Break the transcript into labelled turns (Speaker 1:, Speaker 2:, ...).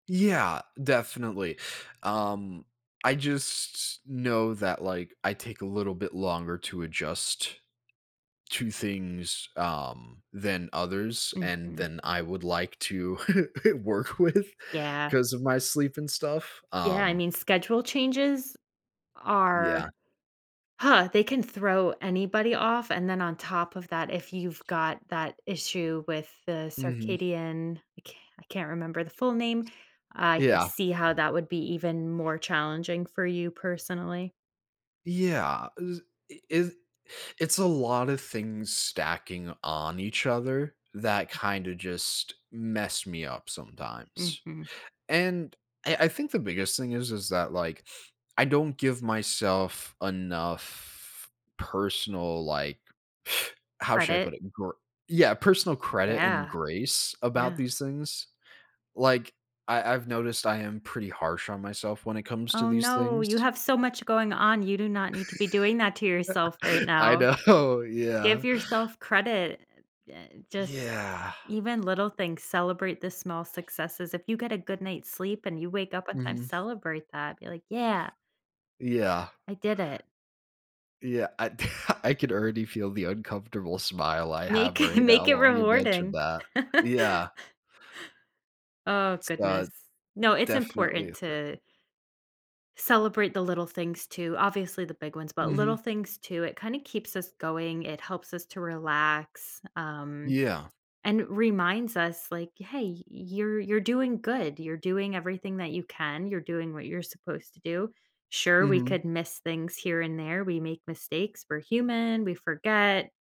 Speaker 1: Yeah, definitely, um, I just know that, like, I take a little bit longer to adjust to things, um, than others, and
Speaker 2: Mhm.
Speaker 1: than I would like to work with
Speaker 2: Yeah.
Speaker 1: 'cause of my sleep and stuff,
Speaker 2: Yeah, I
Speaker 1: um
Speaker 2: mean, schedule changes, are,
Speaker 1: yeah.
Speaker 2: huh, they can throw anybody off, and then on top of that, if you've got that issue with the
Speaker 1: Mhm.
Speaker 2: Circadian I ca I can't remember the full name, I could
Speaker 1: Yeah.
Speaker 2: see how that would be even more challenging for you, personally.
Speaker 1: Yeah, is i is it's a lot of things stacking on each other, that kinda just mess me up sometimes,
Speaker 2: Mhm.
Speaker 1: and I I think the biggest thing is is that, like, I don't give myself enough personal, like how should I
Speaker 2: Credit.
Speaker 1: put it? Gr yeah, personal credit and
Speaker 2: Yeah.
Speaker 1: grace about
Speaker 2: Yeah.
Speaker 1: these things. Like, I I've noticed I am pretty harsh on myself when it comes to
Speaker 2: Oh,
Speaker 1: these
Speaker 2: no, you
Speaker 1: things.
Speaker 2: have so much going on, you do not need to be doing that to yourself right
Speaker 1: I
Speaker 2: now.
Speaker 1: know,
Speaker 2: Give
Speaker 1: yeah.
Speaker 2: yourself credit, e eh just
Speaker 1: Yeah.
Speaker 2: even little things, celebrate the small successes, if you get a good night's sleep and you wake up on time,
Speaker 1: Mhm.
Speaker 2: celebrate that, be like, "Yeah"
Speaker 1: Yeah.
Speaker 2: I did it.
Speaker 1: Yeah, I I could already feel the uncomfortable smile I
Speaker 2: Make
Speaker 1: have right now
Speaker 2: make it
Speaker 1: while you mentioned
Speaker 2: rewarding.
Speaker 1: that, yeah.
Speaker 2: Oh,
Speaker 1: It's, uh,
Speaker 2: goodness. No, it's
Speaker 1: definitely
Speaker 2: important
Speaker 1: a thing.
Speaker 2: to celebrate the little things, too, obviously, the big ones, but little
Speaker 1: Mhm.
Speaker 2: things, too, it kinda keeps us going, it helps us to relax, um,
Speaker 1: Yeah.
Speaker 2: and reminds us, like, "Hey, y you're you're doing good, you're doing everything that you can, you're doing what you're supposed to do." Sure, we
Speaker 1: Mhm.
Speaker 2: could miss things here and there, we make mistakes, we're human, we forget